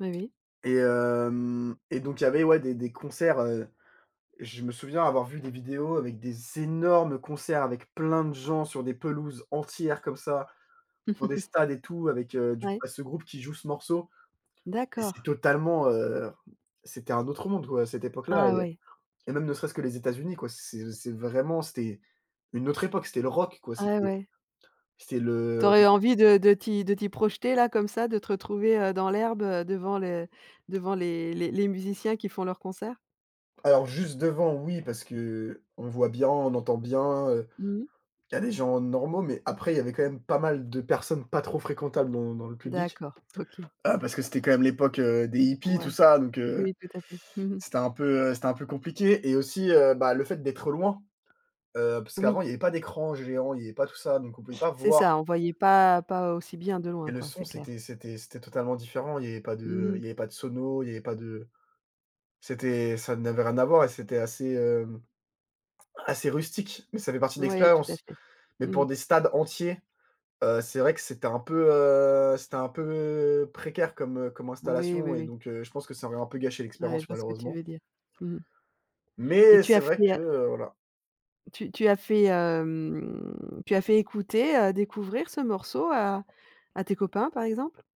Oui, oui. Et hem et donc, il y avait, ouais, des des concerts, heu, je me souviens avoir vu des vidéos avec des énormes concerts, avec plein de gens sur des pelouses entières, comme ça, dans des stades et tout, avec, heu, du c Ouais. bah, ce groupe qui joue ce morceau, et c'est D'accord. totalement, heu, c'était un autre monde, quoi, à cette époque-là Ah, ouais. et même ne serait-ce que les États-Unis, quoi, c'est c'est vraiment, c'était une autre époque, c'était le rock, quoi, Ah, c'était ouais. c'était Tu le aurais envie de de t'y de t'y projeter, là, comme ça, de te retrouver, heu, dans l'herbe, heu, devant les devant les les les musiciens qui font leurs concerts? Alors, juste devant, oui, parce qu'on voit bien, on entend bien, heu, Mmh mh. il y a des gens normaux, mais après, il y avait quand même pas mal de personnes pas trop fréquentables dans dans le public, D'accord. OK! heu, parce que c'était quand même l'époque, heu, des hippies, tout Ouais. ça, donc, heu, Oui, tout à fait, mmh mh. c'était un peu c'était un peu compliqué et aussi, heu, bah, le fait d'être loin, heu, parce Oui. qu'avant, il y avait pas d'écran géant, il y avait pas tout ça, donc on pouvait pas C'est voir ça, on voyait pas pas aussi bien de loin et le quoi, son c'est clair. c'était c'était c'était totalement différent, il y avait pas Mmh de mh. il y avait pas de sono, il y avait pas de c'était ça n'avait rien à voir et c'était assez, hem, assez rustique, mais ça fait partie de Ouais, tout à l'expérience. fait. Mais Mmh pour mh. des stades entiers, heu, c'est vrai que c'était un peu, heu, c'était un peu précaire comme, heu, comme Oui, oui, installation et oui. donc, heu, je pense que ça aurait un peu gâché Ouais, je l'expérience, vois ce que tu malheureusement veux dire. Mmh mh. Et Mais tu as c'est fait vrai que, la heu, voilà. tu tu as fait, hem, tu as fait écouter, heu, découvrir ce morceau à à tes copains, par exemple?